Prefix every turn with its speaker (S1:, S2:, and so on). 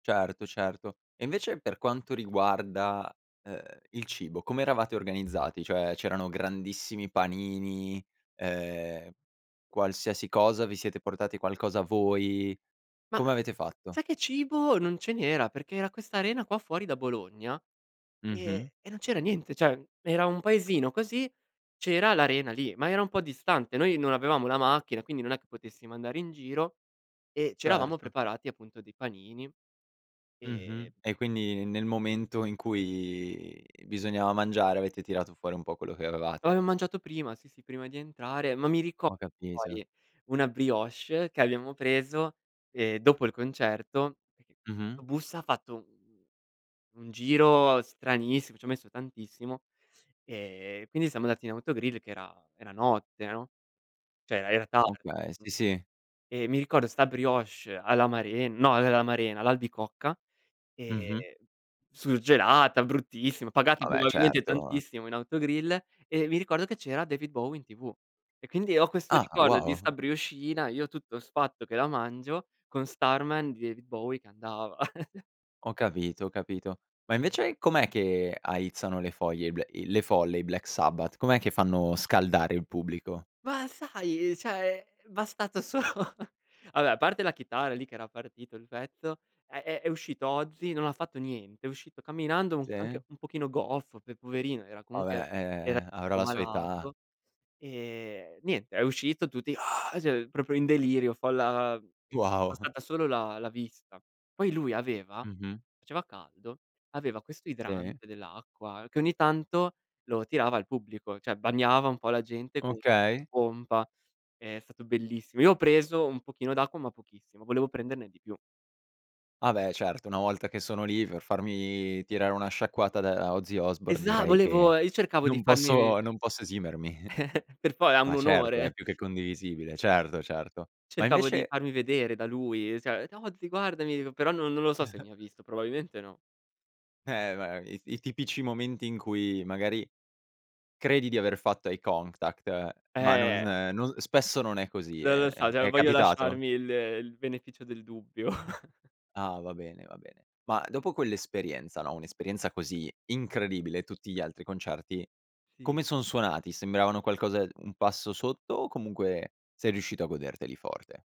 S1: Certo, certo. E invece per quanto riguarda, uhm, il cibo, come eravate organizzati? Cioè, c'erano grandissimi panini, uhm, qualsiasi cosa, vi siete portati qualcosa voi,
S2: Ma
S1: come avete fatto?
S2: sai che cibo non ce n'era? Perché era questa arena qua fuori da Bologna
S1: Mh-mh.
S2: e e non c'era niente, cioè era un paesino così, c'era l'arena lì, ma era un po' distante. Noi non avevamo la macchina, quindi non è che potessimo andare in giro e c'eravamo
S1: Certo.
S2: preparati appunto dei panini. E
S1: Mh-mh. E quindi nel momento in cui bisognava mangiare avete tirato fuori un po' quello che
S2: Lo
S1: avevate.
S2: ave mangiato prima, sì, sì, prima di entrare, ma mi rico
S1: Ho capito.
S2: ori una brioche che abbiamo preso, ehm, dopo il concerto,
S1: Mh-mh.
S2: 'sto bus ha fatto u un giro stranissimo, ci ha messo tantissimo e quindi siamo andati in autogrill che era era notte, no? Cioè era era tardi.
S1: Okay, sì, sì.
S2: E mi ricordo sta brioche all'amaren no, uhm, l'amarena, l'albicocca, ehm,
S1: Mh-mh.
S2: surgelata, bruttissima, pagata
S1: Ah beh,
S2: probabilmente
S1: certo.
S2: tantissimo in autogrill e mi ricordo che c'era David Bowie in TV. E quindi ho questo
S1: Ah,
S2: ricordo di sta
S1: wow.
S2: brioscina, io tutto sfatto che la mangio, con Starman di David Bowie che andava.
S1: Ho capito, ho capito. Ma invece com'è che aizzano le foglie i bl i le folle i Black Sabbath? Com'è che fanno scaldare il pubblico?
S2: Ma sai, cioè è bastato solo va beh a parte la chitarra, lì che era partito il pezzo, è è è uscito Ozzy, non ha fatto niente, è uscito camminando, u
S1: Sì.
S2: anche un pochino goffo, che poverino, era
S1: Va
S2: comunque era
S1: beh,
S2: era
S1: ehm, avrà
S2: po'
S1: la sua età.
S2: malato. E, niente, è uscito, tutti cioè proprio in delirio, folla
S1: Wow.
S2: bastata solo la la vista. Poi lui aveva
S1: Mh-mh.
S2: faceva caldo, aveva questo
S1: Sì.
S2: idrante dell'acqua che ogni tanto lo tirava al pubblico, cioè bagnava un po' la gente con
S1: Okay.
S2: pompa, è stato bellissimo. Io ho preso un pochino d'acqua, ma pochissimo, volevo prenderne di più.
S1: Ah beh, certo, una volta che sono lì per farmi tirare una sciacquata da Ozzy Osbourne
S2: Esa
S1: direi che
S2: volevo io cercavo di
S1: non
S2: farmi
S1: posso non posso esimermi.
S2: Per fo è un
S1: Ma certo,
S2: onore.
S1: è più che condivisibile, certo, certo. Ma
S2: Cercavo di
S1: invece
S2: farmi vedere da lui, cioè: "Ozzy guardami", dico, però non non lo so se mi ha visto, probabilmente no.
S1: Eh beh i t i tipici momenti in cui magari credi di aver fatto eye contact, ma non
S2: Eh.
S1: no spesso non è così,
S2: Non
S1: ehm,
S2: lo
S1: è
S2: so, cioè
S1: è
S2: voglio
S1: capitato?
S2: lasciarmi il il beneficio del dubbio.
S1: Ah va bene, va bene. Ma dopo quell'esperienza, no, un'esperienza così incredibile, tutti gli altri concerti
S2: Sì.
S1: come son suonati? Sembravano qualcosa un passo sotto o comunque sei riuscito a goderteli forte?